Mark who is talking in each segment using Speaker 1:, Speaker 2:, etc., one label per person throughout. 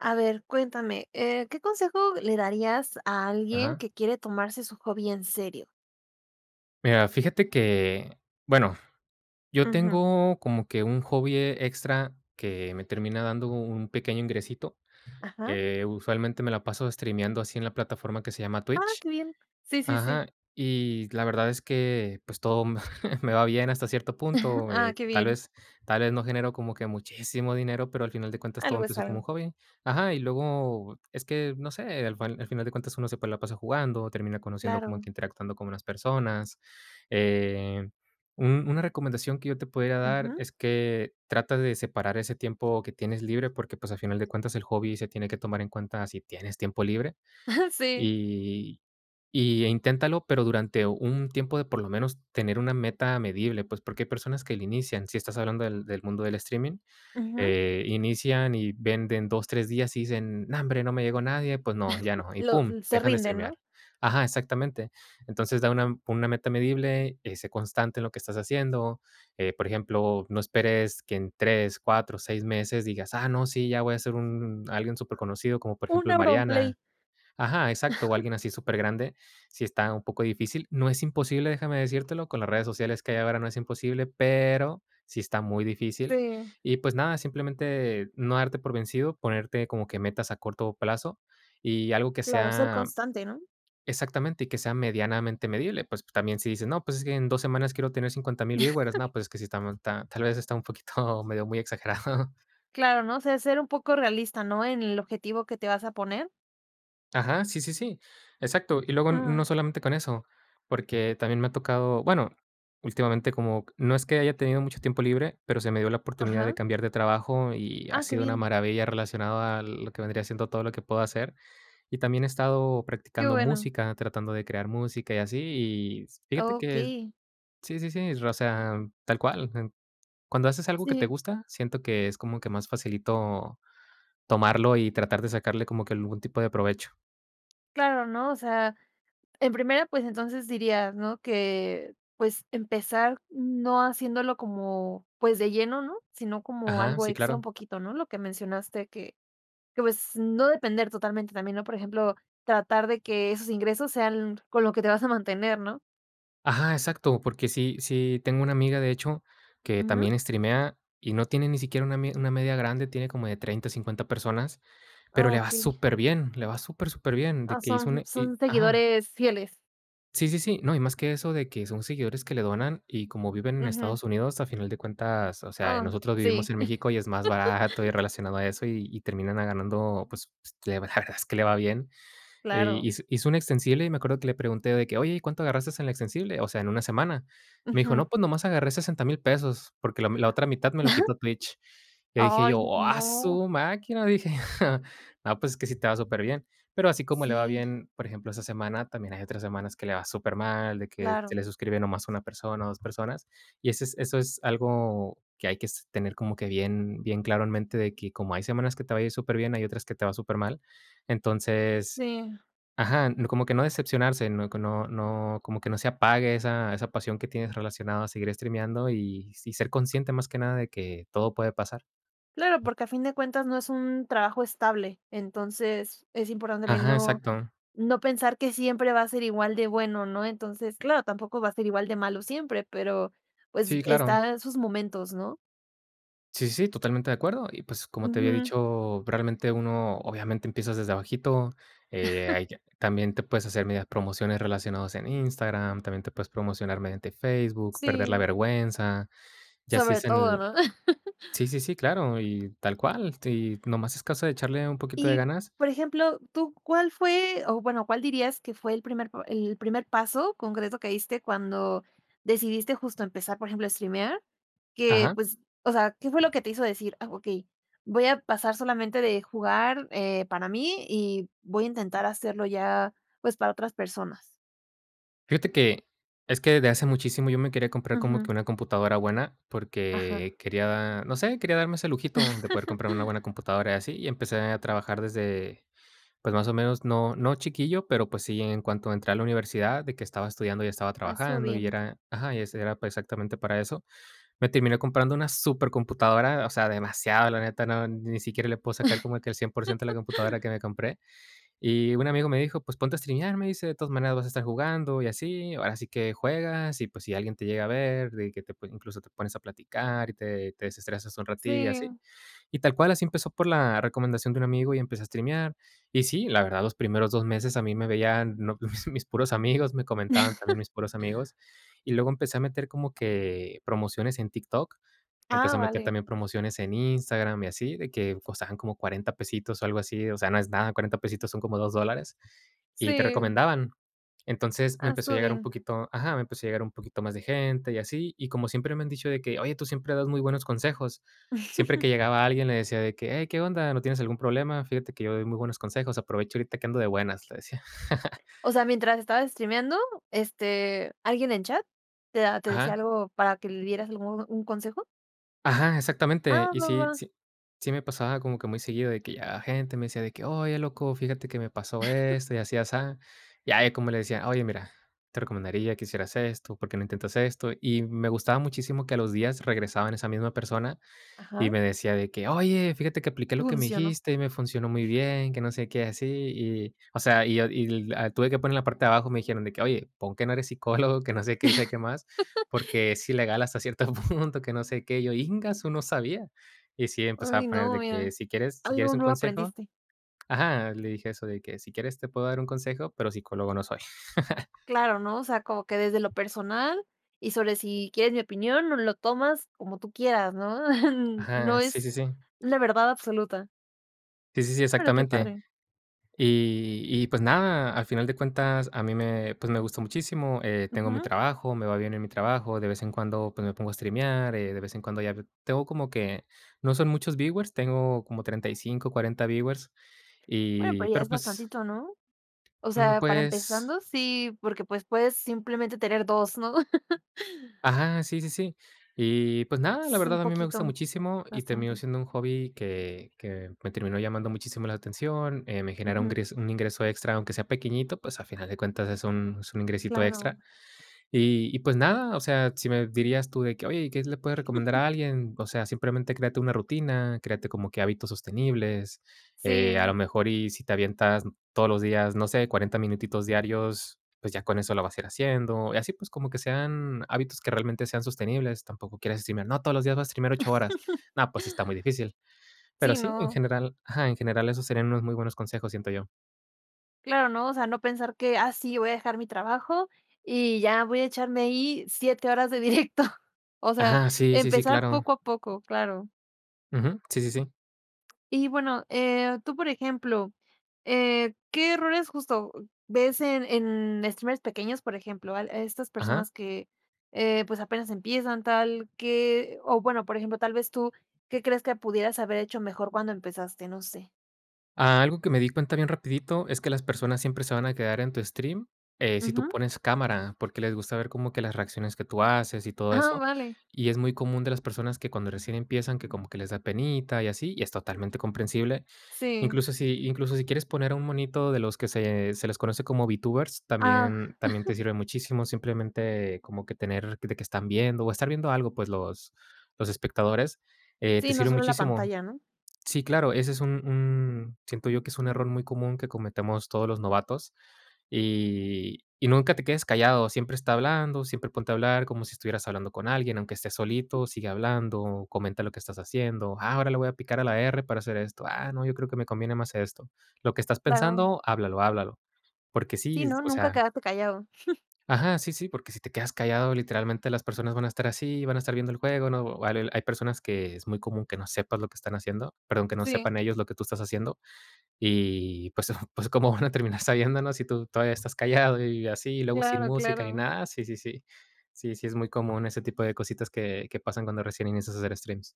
Speaker 1: A ver, cuéntame, eh, ¿qué consejo le darías a alguien
Speaker 2: Ajá.
Speaker 1: que quiere tomarse su hobby en serio?
Speaker 2: Mira, fíjate que bueno, yo
Speaker 1: Ujú.
Speaker 2: tengo como que un hobby extra que me termina dando un pequeño ingresito,
Speaker 1: Ajá.
Speaker 2: eh, usualmente, me la paso streameando así en la plataforma que se llama
Speaker 1: Ah,
Speaker 2: Twitch.
Speaker 1: qué bien. Sí, sí, sí.
Speaker 2: Ajá. Y la verdad es que, pues, todo me me va bien, hasta cierto punto,
Speaker 1: Ah,
Speaker 2: eh,
Speaker 1: qué
Speaker 2: tal
Speaker 1: bien.
Speaker 2: vez tal vez no generó como que muchísimo dinero, pero, al final de cuentas, todo
Speaker 1: Algo es
Speaker 2: empezó como
Speaker 1: algo.
Speaker 2: hobby. Ajá, y luego es que, no sé, al fan a final de cuentas uno se puede la pasa jugando, termina conociendo, como
Speaker 1: Claro.
Speaker 2: interactuando con unas personas. Eh, un -una recomendación que yo te pudiera dar
Speaker 1: Ujú.
Speaker 2: es que trates de separar ese tiempo que tienes libre porque, pues, a final de cuentas el hobby se tiene que tomar en cuenta si tienes tiempo libre.
Speaker 1: Sí.
Speaker 2: Y, eh, inténtalo, pero durante un tiempo de por lo menos tener una meta medible, pues porque hay personas que inician, si estás hablando del mundo del streaming,
Speaker 1: Ujú.
Speaker 2: eh, inician y venden 2 3 días y dicen: "Nombre, no me llegó nadie, pues no, ya no". Y
Speaker 1: Lo
Speaker 2: pum,
Speaker 1: mm, se
Speaker 2: dejan de
Speaker 1: rinden, ¿no?
Speaker 2: streamear. Ajá, exactamente. Entonces, da una con una meta medible y sé constante en lo que estás haciendo. Eh, por ejemplo, no esperes que en 3 4 6 meses digas: "Ah, no, sí, ya voy a ser un alguien superconocido", como por
Speaker 1: Un
Speaker 2: ejemplo, El
Speaker 1: AuronPlay.
Speaker 2: Mariana Ajá, exacto, o alguien así supergrande, sí está un poco difícil. No es imposible, déjame decírtelo, con las redes sociales que hay ahora no es imposible, pero sí está muy difícil.
Speaker 1: Sí.
Speaker 2: Y, pues, nada, simplemente, no darte por vencido, ponerte como que metas a corto plazo y algo que
Speaker 1: Claro, ser
Speaker 2: sea
Speaker 1: constante, ¿no?
Speaker 2: exactamente. Y que sea medianamente medible. Pues, también si dices, no, pues es que en 2 semanas quiero tener 50000 viewers, no, pues es que si estamos ta tal vez, está un poquito medio muy exagerado.
Speaker 1: Claro, ¿no? O sea, ser un poco realista, ¿no?, en el objetivo que te vas a poner.
Speaker 2: Ajá, sí, sí, sí. Exacto. Y luego, n no
Speaker 1: Ujú.
Speaker 2: solamente con eso, porque también me ha tocado, bueno, últimamente como no es que haya tenido mucho tiempo libre, pero se me dio la oportunidad de
Speaker 1: Ajá.
Speaker 2: cambiar de trabajo y ha
Speaker 1: Ah, qué
Speaker 2: sido una
Speaker 1: bien.
Speaker 2: maravilla relacionado a lo que vendría siendo todo lo que puedo hacer. Y también he estado
Speaker 1: Qué
Speaker 2: practicando
Speaker 1: bueno.
Speaker 2: música, tratando de crear música y así. Y fíjate que
Speaker 1: Okey.
Speaker 2: sí, sí, sí. O sea tal cual. En cuando haces algo que te
Speaker 1: Sí.
Speaker 2: gusta, siento que es como que más facilito, tomarlo y tratar de sacarle como que algún tipo de provecho.
Speaker 1: Claro ¿no? O sea, en primera, pues, entonces diría ¿no? Que, pues, empezar no haciéndolo como, pues de lleno ¿no? Sino como
Speaker 2: Ajá.
Speaker 1: algo
Speaker 2: Sí,
Speaker 1: extra un
Speaker 2: claro.
Speaker 1: poquito ¿no? Lo que mencionaste que que, pues no depender totalmente también ¿no? Por ejemplo, tratar de que esos ingresos sean con lo que te vas a mantener ¿no?
Speaker 2: Ajá. Exacto. Porque sí sí tengo una amiga, de hecho, que
Speaker 1: Ujú.
Speaker 2: también estrimea y no tiene ni siquiera una mi una media grande, tiene como de 30 o 50 personas, pero
Speaker 1: Ah
Speaker 2: le va
Speaker 1: okey.
Speaker 2: superbién, le va súper, superbién, de
Speaker 1: Ah,
Speaker 2: que hizo
Speaker 1: son
Speaker 2: un y
Speaker 1: son
Speaker 2: ajá.
Speaker 1: seguidores fieles.
Speaker 2: Sí, sí, sí. No, y más que eso de que son seguidores que le donan y como viven en
Speaker 1: Ujú.
Speaker 2: Estados Unidos, a final de cuentas, o sea, eh,
Speaker 1: Oh
Speaker 2: nosotros vivimos
Speaker 1: sí.
Speaker 2: en México y es más barato y relacionado a eso y y termina ella ganando, pues pues, la verdad es que le va bien. Y
Speaker 1: Claro.
Speaker 2: hiz hizo un extensible y me acuerdo que le pregunté de que: "Oye ¿y cuánto agarraste en el extensible?", o sea, en una semana. Me dijo:
Speaker 1: Ujú.
Speaker 2: "No, pues nomás agarré $60000 pesos, porque la m la otra mitad me lo quitó Twitch. Le dije
Speaker 1: Ay
Speaker 2: yo: "¡Oh, a
Speaker 1: no.
Speaker 2: su máquina!", dije. No, pues es que sí te va superbien. Pero así como le va
Speaker 1: Sí.
Speaker 2: bien, por ejemplo, esa semana, también hay otras semanas que le va supermal, de que se le
Speaker 1: Claro.
Speaker 2: suscribe no más una persona o dos personas. Y eso es eso es algo que hay que es tener como que bien, bien claro en mente de que como hay semanas que te va a ir superbién, hay otras que te va supermal. Entonces
Speaker 1: Sí.
Speaker 2: ajá, como que no decepcionarse. No, que no no, como que no se apague esa esa pasión que tienes relacionado a seguir estrimiando y sí ser consciente, más que nada, de que todo puede pasar.
Speaker 1: Claro, porque a fin de cuentas no es un trabajo estable. Entonces es importante también
Speaker 2: Ajá,
Speaker 1: no,
Speaker 2: exacto.
Speaker 1: no pensar que siempre va a ser igual de bueno ¿no? Entonces, claro, tampoco va a ser igual de malo siempre, pero, pues
Speaker 2: Sí, claro.
Speaker 1: están sus momentos ¿no?
Speaker 2: Sí, sí, sí totalmente de acuerdo. Y, pues, como te había
Speaker 1: Ujú.
Speaker 2: dicho, probablemente uno, obviamente, empiezas desde abajito. Eh, ahí también te puedes hacer medias promociones relacionadas en Instagram. También te puedes promocionar mediante Facebook, perder la
Speaker 1: Sí.
Speaker 2: vergüenza. Y así
Speaker 1: Sobre
Speaker 2: es
Speaker 1: todo,
Speaker 2: en
Speaker 1: ¿no?
Speaker 2: sí, sí, sí, claro, y tal cual, si nomás es caso de echarle un poquito de
Speaker 1: Y,
Speaker 2: ganas
Speaker 1: por ejemplo ¿tú cuál fue? o bueno ¿cuál dirías que fue el primer p el primer paso concreto que diste cuando decidiste justo empezar, por ejemplo, a estrimear?, que
Speaker 2: Ajá.
Speaker 1: pues, o sea, ¿qué fue lo que te hizo decir: "Ah, okey, voy a pasar solamente de jugar, eh, para mí y voy a intentar hacerlo ya, pues, para otras personas?"
Speaker 2: Fíjate que es que desde hace muchísimo, yo me quería comprar como que
Speaker 1: Ujú.
Speaker 2: una computadora buena,
Speaker 1: Ajá.
Speaker 2: porque quería No sé, quería darme ese lujito de poder comprar una buena computadora y así. Y empecé a trabajar desde Pues, más o menos, no no chiquillo, pero, pues, sí, en cuanto entré a la universidad, de que estaba estudiando y estaba
Speaker 1: Ah, estuvo
Speaker 2: trabajando, y
Speaker 1: bien.
Speaker 2: era ajá. Y ese era pa exactamente para eso. Me terminé comprando una supercomputadora. O sea, demasiado, la neta. No ni siquiera le puedo sacar como que el 100% de la computadora que me compré. Y un amigo me dijo: "Pues ponte a streamear". Me dice: "De todas maneras vas a estar jugando y así. Ahora sí que juegas, y, pues, si alguien te llega a ver, de que te pue incluso te pones a platicar y te-te desestresas un ratillo", y así.
Speaker 1: Sí.
Speaker 2: Y tal cual, así empezó, por la recomendación de un amigo. Y empecé a streamear. Y sí, la verdad, los primeros 2 meses, a mí me veían, no mis mis puros amigos. Me comentaban también, mis puros amigos. Y luego empecé a meter, como que, promociones en TikTok. Empecé
Speaker 1: Ah,
Speaker 2: a meter
Speaker 1: vale.
Speaker 2: también promociones en Instagram y así. De que, costaban como $40 pesitos o algo así. O sea, no es nada. $40 pesitos, son como $2 dólares, y te
Speaker 1: Sí.
Speaker 2: recomendaban. Entonces, me
Speaker 1: Ah,
Speaker 2: empezó a llegar un
Speaker 1: [unintelligible]
Speaker 2: poquito ajá. Me empezó a llegar un poquito más de gente y así. Y como siempre me han dicho de que: "Oye, tú siempre das muy buenos consejos". Siempre que llegaba alguien, le decía de que: "Hey, ¿qué onda? ¿No tienes algún problema? Fíjate que yo doy muy buenos consejos. Aprovecha ahorita, que ando de buenas", le decía.
Speaker 1: O sea, ¿mientras estabas streameando? Este, ¿alguien en chat te a te decía
Speaker 2: Ajá.
Speaker 1: algo, para que le dieras algún un consejo?
Speaker 2: Ajá, exactamente.
Speaker 1: Ah,
Speaker 2: Y
Speaker 1: no
Speaker 2: sí
Speaker 1: va.
Speaker 2: sí sí, me pasaba como que muy seguido, de que llegaba gente, me decía de que: "Oye, loco, fíjate que me pasó esto y así, asá". Y ahí, como le decía: "Oye, mira, te recomendaría que hicieras esto. ¿Por qué no intentas esto?". Y me gustaba muchísimo que, a los días regresaba esa misma persona y
Speaker 1: Ajá.
Speaker 2: me decía de que: "Oye, fíjate que apliqué lo que me
Speaker 1: Funcionó.
Speaker 2: dijiste, y me funcionó muy bien. Que no sé qué, así y" O sea, y yo y l Tuve que poner la parte de abajo. Me dijeron de que: "Oye, pon que no eres psicólogo, que no sé qué, y sabe qué más, porque, sí, legal, hasta cierto punto que no sé qué". Y yo: "¡Ingasu!, no sabía". Y sí, empezaba
Speaker 1: Ay,
Speaker 2: a poner
Speaker 1: no,
Speaker 2: de que:
Speaker 1: mira,
Speaker 2: "Si quieres si quieres
Speaker 1: algo
Speaker 2: un
Speaker 1: nuevo
Speaker 2: consejo".
Speaker 1: aprendiste.
Speaker 2: Ajá, le dije eso de que: "Si quieres te puedo dar un consejo, pero psicólogo no soy".
Speaker 1: Claro, ¿no? O sea, como que desde lo personal, y sobre si quieres mi opinión, o lo tomas como tú quieras, ¿no? No
Speaker 2: Ajá. Sí,
Speaker 1: es
Speaker 2: sí, sí.
Speaker 1: la verdad absoluta.
Speaker 2: Sí, sí, sí,
Speaker 1: Ah, bueno, qué
Speaker 2: exactamente.
Speaker 1: padre.
Speaker 2: Y y pues nada, al final de cuentas, a mí me pues, me gustó muchísimo. Eh, tengo mi
Speaker 1: Ujú.
Speaker 2: trabajo, me va bien en mi trabajo. De vez en cuando, pues me pongo a streamear, eh, de vez en cuando ya tengo como que no son muchos viewers. Tengo como 35, 40 viewers.
Speaker 1: Bueno,
Speaker 2: Y,
Speaker 1: pero ya es
Speaker 2: pero, pues
Speaker 1: bastantito, ¿no? O
Speaker 2: Mm,
Speaker 1: sea, para
Speaker 2: pues
Speaker 1: empezando, sí, porque, pues, puedes simplemente tener 2 ¿no?
Speaker 2: Ajá, sí, sí, sí. Y pues nada, la
Speaker 1: S Un
Speaker 2: verdad a mí me gusta
Speaker 1: poquito,
Speaker 2: muchísimo, y terminó
Speaker 1: bastante.
Speaker 2: siendo un hobby, que que me terminó llamando muchísimo la atención. Eh, me genera un
Speaker 1: Ujú.
Speaker 2: gres un ingreso extra; aunque sea pequeñito, pues, a final de cuentas, es un es un ingresito
Speaker 1: Claro.
Speaker 2: extra. Y y, pues nada, o sea, si me dirías tú, de que: "Oye, ¿y qué se le puede recomendar a alguien?". O sea, simplemente, créate una rutina, créate como que hábitos sostenibles. Eh, a lo
Speaker 1: Sí.
Speaker 2: mejor, y si te avientas todos los días, no sé, 40 minutitos diarios, pues ya con eso lo vas a ir haciendo. Y así, pues, como que sean hábitos que realmente sean sostenibles. Tampoco quieras decirme: "No, todos los días vas a escribir ocho horas". No, pues, sí está muy difícil. Pero
Speaker 1: Sí,
Speaker 2: sí, en
Speaker 1: no.
Speaker 2: general Ajá, en general, esos serían unos muy buenos consejos, siento yo.
Speaker 1: Claro, ¿no? O sea, no pensar que: "Ah, sí, voy a dejar mi trabajo y ya voy a echarme ahí 7 horas de directo". O sea,
Speaker 2: Ajá. Sí, sí, sí,
Speaker 1: empezar
Speaker 2: claro.
Speaker 1: poco a poco, claro.
Speaker 2: Ujú. Sí, sí, sí.
Speaker 1: Y, bueno, eh, tú, por ejemplo, eh, ¿qué errores, justo, ves en en streamers pequeños, por ejemplo, al a estas
Speaker 2: Ajá.
Speaker 1: personas que, eh, pues, apenas empiezan tal? ¿Qué o, bueno, por ejemplo, tal vez tú, ¿qué crees que pudieras haber hecho mejor cuando empezaste? No sé.
Speaker 2: Algo que me di cuenta bien rapidito es que las personas siempre se van a quedar en tu stream, eh, si tú
Speaker 1: Ujú.
Speaker 2: pones cámara, porque les gusta ver como que las reacciones que tú haces y todo
Speaker 1: Ah,
Speaker 2: eso.
Speaker 1: vale.
Speaker 2: Y es muy común de las personas que, cuando recién empiezan, que como que les da penita y así, y es totalmente comprensible.
Speaker 1: Sí.
Speaker 2: Incluso si incluso si quieres poner a un monito de los que se se les conoce como Vtubers,
Speaker 1: Ah.
Speaker 2: también también te sirve muchísimo, simplemente, como que tener de que están viendo, o estar viendo algo, pues, los los espectadores, eh,
Speaker 1: Sí,
Speaker 2: te
Speaker 1: no
Speaker 2: sirve
Speaker 1: solo la
Speaker 2: muchísimo.
Speaker 1: pantalla, ¿no?
Speaker 2: Sí, claro, ese es un un siento yo, que es un error muy común que cometemos todos los novatos y y nunca te quedes callado. Siempre está hablando, siempre ponte a hablar como si estuvieras hablando con alguien, aunque esté solito, sigue hablando, o comenta lo que estás haciendo, ah, ahora le voy a picar a la erre para hacer esto, ah, no, yo creo que me conviene más esto. Lo que estás
Speaker 1: Claro.
Speaker 2: pensando, háblalo, háblalo, porque sí,
Speaker 1: Sí,
Speaker 2: es,
Speaker 1: no,
Speaker 2: o
Speaker 1: nunca
Speaker 2: sea
Speaker 1: quedarte callado.
Speaker 2: Ajá, sí, sí, porque si te quedas callado, literalmente, las personas van a estar así, van a estar viendo el juego, no, vale hay personas que es muy común que no sepas lo que están haciendo, perdón, que no
Speaker 1: Sí.
Speaker 2: sepan ellos lo que tú estás haciendo. Y, pues, ¿có cómo van a terminar sabiéndolo si tú todavía estás callado y así? Y luego sin
Speaker 1: Claro,
Speaker 2: música ni
Speaker 1: claro.
Speaker 2: nada, sí, sí, sí. Sí, sí es muy común ese tipo de cositas que que pasan cuando recién inicias a hacer streams.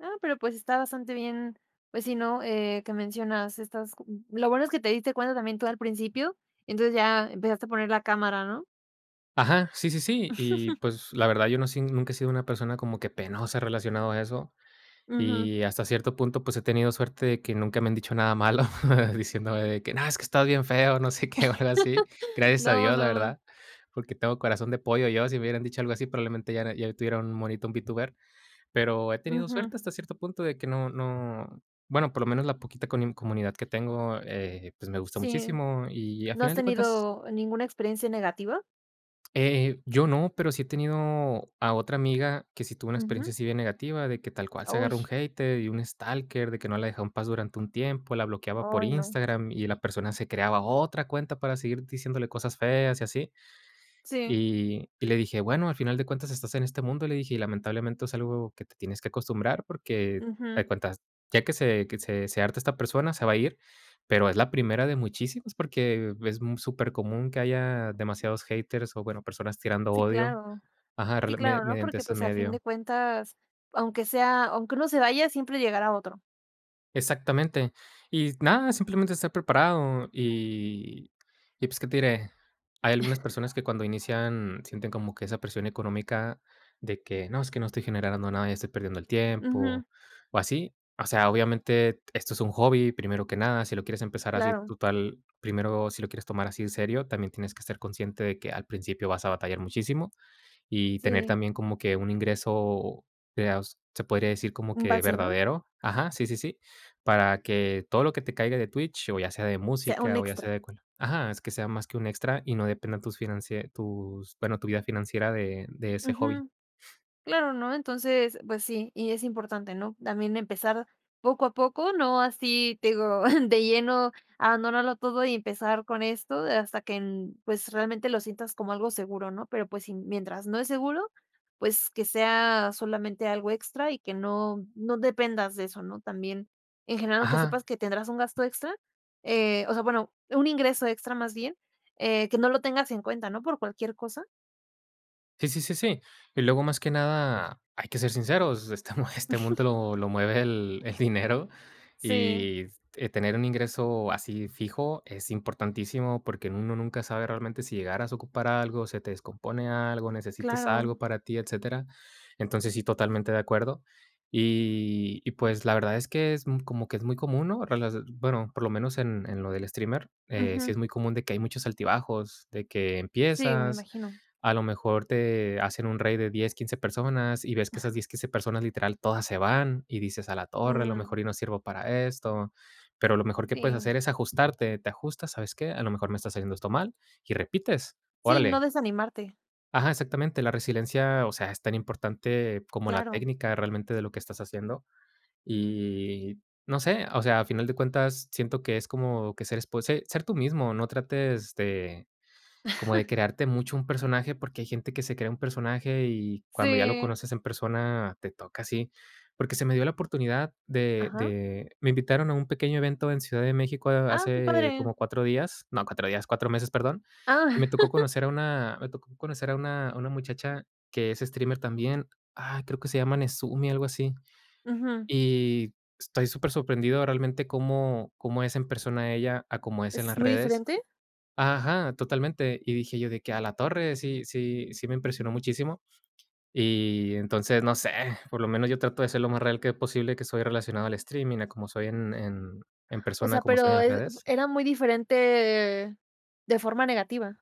Speaker 1: Ah, pero, pues, está bastante bien, pues, sí, ¿no?, eh, que mencionas estas co lo bueno es que te diste cuenta también tú al principio, entonces, ya empezaste a poner la cámara, ¿no?
Speaker 2: Ajá, sí, sí, sí. Y, pues, la verdad, yo no sé, ni nunca he sido una persona como que penosa relacionado a eso.
Speaker 1: Ujú.
Speaker 2: Y hasta cierto punto, pues, he tenido suerte de que nunca me han dicho nada malo diciéndome que, no, es que estás bien feo, no sé qué, o algo así. Gracias a
Speaker 1: No,
Speaker 2: Dios, la
Speaker 1: no, no.
Speaker 2: verdad, porque tengo corazón de pollo yo. Si me hubieran dicho algo así, probablemente ya era ya tuviera un monito, un Vtuber. Pero he tenido
Speaker 1: Ujú.
Speaker 2: suerte hasta cierto punto, de que no no bueno, por lo menos la poquita coni comunidad que tengo, eh, pues, me gusta
Speaker 1: Sí.
Speaker 2: muchísimo. Y a
Speaker 1: ¿No has
Speaker 2: final de cuentas
Speaker 1: tenido ninguna experiencia negativa?
Speaker 2: Eh eh, yo no, pero sí he tenido a otra amiga que sí tuvo una experiencia
Speaker 1: Ujú.
Speaker 2: así bien negativa, de que tal cual se agarra un
Speaker 1: Auch.
Speaker 2: hater y un stalker, de que no la dejó en paz durante un tiempo, la bloqueaba por
Speaker 1: Ay, no.
Speaker 2: Instagram y, eh, la persona se creaba otra cuenta para seguir diciéndole cosas feas y así.
Speaker 1: Sí.
Speaker 2: Y y le dije: "Bueno, al final de cuentas estás en este mundo", le dije: "Y lamentablemente es algo que te tienes que acostumbrar", porque, haz de
Speaker 1: Ujú.
Speaker 2: cuenta, ya que se que se se harta esta persona, se va a ir, pero es la primera de muchísimos, porque es mu supercomún que haya demasiados haters o, bueno, personas tirando
Speaker 1: Sí,
Speaker 2: odio.
Speaker 1: claro.
Speaker 2: Ajá,
Speaker 1: Sí,
Speaker 2: rela media
Speaker 1: claro, ¿no?
Speaker 2: mediante
Speaker 1: Porque,
Speaker 2: este
Speaker 1: pues, a fin
Speaker 2: medio.
Speaker 1: de cuentas, aunque sea aunque uno se vaya, siempre llegará otro.
Speaker 2: Exactamente, y nada, simplemente estar preparado. Y, pues, ¿qué te diré? Hay algunas personas que, cuando inician, sienten como que esa presión económica de que: "No, es que no estoy generando nada, ya estoy perdiendo el
Speaker 1: Ujú.
Speaker 2: tiempo", o así. O sea, obviamente t esto es un hobby, primero que nada. Si lo quieres empezar así,
Speaker 1: Claro.
Speaker 2: total, primero, si lo quieres tomar así en serio, también tienes que ser consciente de que al principio vas a batallar muchísimo y tener
Speaker 1: Sí.
Speaker 2: también como que un ingreso, de aus se podría decir como
Speaker 1: Un
Speaker 2: que
Speaker 1: base, ¿no?
Speaker 2: verdadero. Ajá, sí, sí, sí, para que todo lo que te caiga de Twitch, o ya sea de
Speaker 1: Se Un
Speaker 2: música, o ya sea
Speaker 1: extra.
Speaker 2: de cual Ajá, es que sea más que un extra y no dependa tus financie tus, bueno, tu vida financiera, de de ese hobby.
Speaker 1: Ujú. Claro, ¿no? Entonces, pues sí, y es importante, ¿no?, también empezar poco a poco, no así, te digo, de lleno, abandonarlo todo y empezar con esto hasta que n pues, realmente lo sientas como algo seguro, ¿no? Pero, pues, si, mientras no es seguro, pues, que sea solamente algo extra y que no no dependas de eso, ¿no?, también. En general, que
Speaker 2: Ajá.
Speaker 1: sepas que tendrás un gasto extra, eh, o sea, bueno, un ingreso extra más bien, eh, que no lo tengas en cuenta, ¿no?, por cualquier cosa.
Speaker 2: Sí, sí, sí, sí. Y luego, más que nada, hay que ser sinceros, este, mo este mundo lo lo mueve el el dinero.
Speaker 1: Sí.
Speaker 2: Y tener un ingreso así, fijo, es importantísimo, porque en uno nunca sabe realmente si llegaras a ocupar algo, se te descompone algo, necesitas
Speaker 1: Claro.
Speaker 2: algo para ti, etcétera. Entonces, sí, totalmente de acuerdo. Y y pues, la verdad es que es, mm, como que es muy común, ¿no? Relase bueno, por lo menos en en lo del streamer, eh, sí
Speaker 1: Ujú.
Speaker 2: es muy común de que hay muchos altibajos, de que
Speaker 1: Sí, me
Speaker 2: empiezas,
Speaker 1: imagino.
Speaker 2: a lo mejor te hacen un raid de 10, 15 personas, y ves que esas 10, 15 personas, literal, todas se van y dices: "¡Ah la torre!, a lo
Speaker 1: Mm.
Speaker 2: mejor yo no sirvo para esto". Pero lo mejor que puedes
Speaker 1: Sí.
Speaker 2: hacer es ajustarte. Te ajustas: "¿Sabes qué?, a lo mejor me estás haciendo esto mal", y repites.
Speaker 1: Sí, no
Speaker 2: ¡Órale!
Speaker 1: desanimarte.
Speaker 2: Ajá, exactamente, la resiliencia, o sea, es tan importante, como la
Speaker 1: Claro.
Speaker 2: técnica realmente de lo que estás haciendo. Y no sé, o sea, a final de cuentas siento que es como que ser espo se ser tú mismo, no trates de, como de crearte mucho un personaje, porque hay gente que se crea un personaje y cuando ya lo
Speaker 1: Sí.
Speaker 2: conoces en persona, te toca así. Porque se me dio la oportunidad de
Speaker 1: ¿Ajá?
Speaker 2: de me invitaron a un pequeño evento en Ciudad de México a
Speaker 1: Ah, qué
Speaker 2: hace
Speaker 1: padre.
Speaker 2: como 4 días no, 4 días, 4 meses, perdón. Y
Speaker 1: Ah.
Speaker 2: me tocó conocer a una me tocó conocer a una a una muchacha que es streamer también. Ah, creo que se llama Nesumi, algo así.
Speaker 1: Ujú.
Speaker 2: Y estoy súper sorprendido realmente cómo cómo es en persona ella a cómo es en las
Speaker 1: ¿Es muy
Speaker 2: redes.
Speaker 1: diferente?
Speaker 2: Ajá, totalmente, y dije yo de que: "Ah, la torre". Sí sí sí me impresionó muchísimo. Y entonces, no sé, por lo menos yo trato de ser lo más real que es posible, que estoy relacionado al streaming, a como soy en en en
Speaker 1: O
Speaker 2: persona, a
Speaker 1: sea,
Speaker 2: como soy en
Speaker 1: pero
Speaker 2: las
Speaker 1: es f
Speaker 2: redes.
Speaker 1: ¿era muy diferente? De forma negativa.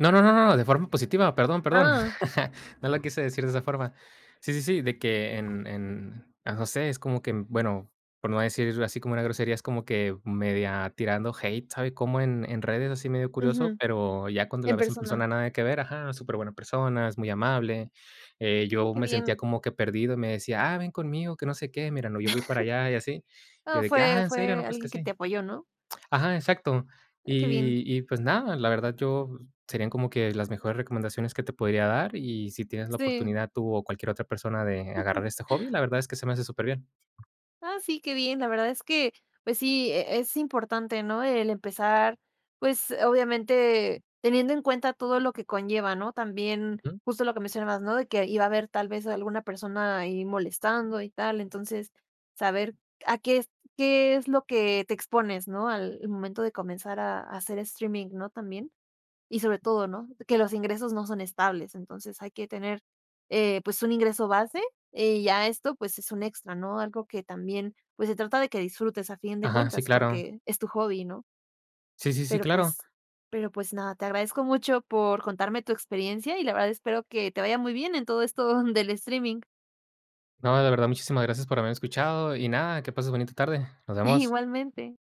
Speaker 2: No, no, no, no, de forma positiva, perdón, perdón.
Speaker 1: Ah.
Speaker 2: No la quise decir de esa forma. Sí, sí, sí, de que en en no sé, es como que, bueno, por no decir así como una grosería, es como que media tirando hate, ¿sabe? Como en redes, así medio curioso.
Speaker 1: Ujú.
Speaker 2: Pero ya cuando
Speaker 1: En
Speaker 2: la ves en
Speaker 1: persona.
Speaker 2: persona, nada que ver, ajá, superbuena persona, es muy amable. Eh
Speaker 1: Mm,
Speaker 2: yo
Speaker 1: qué
Speaker 2: me sentía
Speaker 1: bien.
Speaker 2: como que perdido, me decía: "Ah, ven conmigo, que no sé qué. Mira, no, yo fui para allá y así".
Speaker 1: Oh,
Speaker 2: Yo de que:
Speaker 1: fue
Speaker 2: "Ah, ¿en serio? No,
Speaker 1: fue
Speaker 2: pues que
Speaker 1: alguien que
Speaker 2: sí".
Speaker 1: te apoyó, ¿no?
Speaker 2: Ajá exacto.
Speaker 1: Ah, qué bien.
Speaker 2: Y y pues nada, la verdad yo serían como que las mejores recomendaciones que te podría dar, y si tienes la
Speaker 1: Sí.
Speaker 2: oportunidad tú o cualquier otra persona de agarrar este hobby, la verdad es que se me hace superbién.
Speaker 1: Ah, sí, qué bien, la verdad es que, pues sí eh, es importante, ¿no? El empezar, pues, obviamente, teniendo en cuenta todo lo que conlleva, ¿no? También,
Speaker 2: Ujú.
Speaker 1: justo lo que mencionabas, ¿no? De que iba a haber tal vez alguna persona ahí molestando y tal, entonces saber a qué es qué es lo que, eh, te expones, ¿no? Al momento de comenzar a a hacer streaming, ¿no?, también y sobre todo ¿no? Que los ingresos no son estables, entonces hay que tener, eh, pues un ingreso base, eh, y ya esto pues es un extra, ¿no? Algo que también, pues, se trata de que disfrutes a fin de
Speaker 2: Ajá, sí,
Speaker 1: cuentas
Speaker 2: claro.
Speaker 1: porque es tu hobby ¿no?
Speaker 2: Sí, sí, sí,
Speaker 1: Pero
Speaker 2: claro.
Speaker 1: pues pero pues nada, te agradezco mucho por contarme tu experiencia, y la verdad espero que te vaya muy bien en todo esto del streaming.
Speaker 2: No, de verdad muchísimas gracias por haberme escuchado, y nada, que pases bonita tarde. Nos vemos.
Speaker 1: Igualmente.